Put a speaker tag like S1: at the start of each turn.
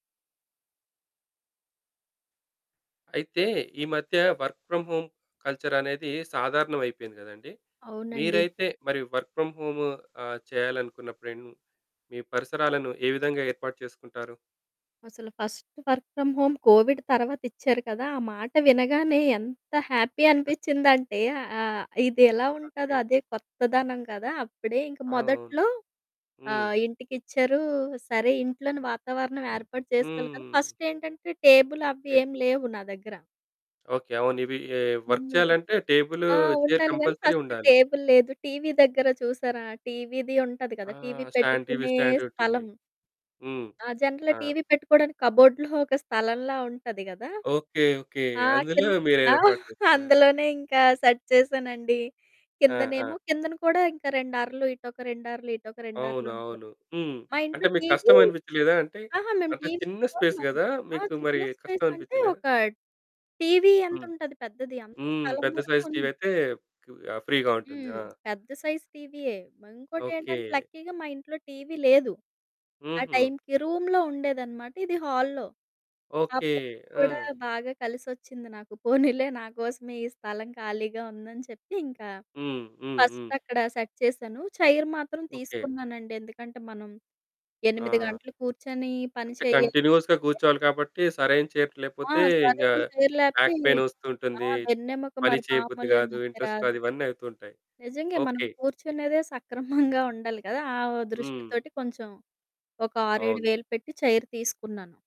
S1: అయితే ఈ మధ్య వర్క్ ఫ్రామ్ హోమ్ కల్చరనేది సాధారణం అయిపోయింది కదండీ.
S2: అవునండి.
S1: మీరైతే మరి వర్క్ ఫ్రమ్ హోము ఆహ్, చేయాలనుకున్నప్పుడేం మీ పరిసరాలను ఏ విధంగా ఏర్పాటు చేసుకుంటారు?
S2: అసల first work from home COVID తర్వాతిచ్చారు కదా! ఆ మాట వినగానే ఎంత హ్యాపీ అనిపిచ్చిందంటే ఆహ్, ఇది ఎలా ఉంటాదో
S1: ఓకే.
S2: అదే కొత్తదనం కదా! అప్పుడే ఇంక
S1: ఆ! అవును.
S2: మొదట్లో
S1: హ్మ్.
S2: ఆహ్, ఇంటికిచ్చారు సరే, ఇంట్లోని వాతావరణం ఏర్పాటు చేసుకోవాలి కదా!
S1: హ్మ్.
S2: ఫస్టేంటంటే టేబుల్ అవ్వి
S1: ఓకే.
S2: ఏమి లేవు నా దగ్గర.
S1: ఓకే. అవును ఇవి ఎ వర్క్
S2: హ్మ్.
S1: చేయాలంటే టేబులు,
S2: ఆ!
S1: చైర్
S2: ఉండాలి గానీ
S1: కంపల్సరీ
S2: ఫస్ట్
S1: ఉండాలి.
S2: టేబుల్ లేదు. టీవీ దగ్గర చూసారా, టీవీది ఉంటాది కదా!
S1: ఆ!
S2: టీవీ
S1: స్టాండ్ టీవీ
S2: పెట్టుకునే
S1: స్టాండంటుంది.
S2: స్థలం.
S1: హ్మ్.
S2: ఆ! జనరల్‌గా
S1: ఆ!
S2: టీవీ పెట్టుకోవడానికి కప్‌బోర్డు‌లో ఒక స్థలంలా ఉంటది గదా!
S1: ఓకే. ఓకే.
S2: ఆ
S1: అందులో
S2: కిన్
S1: మీరు
S2: ఆ!
S1: ఏర్పాటు చేసుకున్నారు.
S2: అందులోనే ఇంకా సెట్ చేసానండి.
S1: ఆ! ఆ!
S2: కిందనేమో కిందన కూడా ఇంకా 2 అరలు, ఇటొక 2 అరలు, ఇటొక 2 అరలుంటాయి.
S1: అవునవును. హ్మ్.
S2: మా
S1: అంటే
S2: ఇంట్లో
S1: మీకు
S2: టీవీ
S1: కష్టం అనిపిచ్చలేదా? అంటే,
S2: అహా! మేము
S1: అంటే
S2: టీవి
S1: చిన్న స్పేస్
S2: చూడమనమాట.
S1: కదా
S2: ఆ
S1: మీకు
S2: చిన్న
S1: మరి కష్టం
S2: స్పేస్ అంటే
S1: అనిపిచ్చలేదా?
S2: ఒక టీవీ
S1: హ్మ్.
S2: ఎంతుంటది పెద్దది, అంత
S1: హ్మ్.
S2: స్థలం
S1: పెద్ద
S2: వరకు
S1: సైజ్ టీవీ
S2: ఉంది.
S1: అయితే, కు ఆహ్, ఫ్రీగా ఉంటుంది.
S2: హ్మ్.
S1: ఆ!
S2: పెద్ద సైజు టీవీయే. మరి ఇంకోటేంటంటే,
S1: ఓకే.
S2: లక్కీగా మా ఇంట్లో టీవీ లేదు ఆ
S1: హుహు.
S2: టైంకి. రూమ్‌లో ఉండేదనమాట. ఇది హాల్‌లో. ఆ
S1: ఓకే.
S2: ప్లేస్ కూడా
S1: ఆ!
S2: బాగా కలిసొచ్చింది నాకు. పోనీలే నాకోసమే ఈ స్థలం ఖాళీగా ఉందని చెప్పి, ఇంకా
S1: హ్మ్, హ్మ్,
S2: ఫస్ట్
S1: హ్మ్.
S2: అక్కడ సెట్ చేశాను. చైర్ మాత్రం
S1: ఓకే.
S2: తీసుకున్నానండి. ఎందుకంటే, మనం 8
S1: ఆ!
S2: గంటలు కూర్చొని పని
S1: అంటే
S2: చేయాలి
S1: కంటిన్యూయస్‌గా
S2: అంటే
S1: కూర్చోవాలి కాబట్టి, సరైన చైర్
S2: ఆ!
S1: లేకపోతే, ఇంగా
S2: సరైన చైర్ లేపోతే
S1: బాక్
S2: ఆ!
S1: పైనొస్తుంటుంది,
S2: వెన్నెముక
S1: పని
S2: మరి
S1: చేయబుద్ధి
S2: మామూలుగ
S1: గాదు,
S2: నొప్పి
S1: ఇంట్రెస్ట్
S2: రాదు.
S1: రాదు, ఇవన్నీ అవుతూ ఉంటాయి.
S2: నిజంగే మనం
S1: ఓకే.
S2: కూర్చునేదే సక్రమంగా ఉండాలి కదా! ఆ
S1: హ్మ్.
S2: దృష్టితోటి కొంచెం ఒక ఆరు ఏడు
S1: అవును.
S2: వేలు పెట్టి చైర్ తీసుకున్నాను.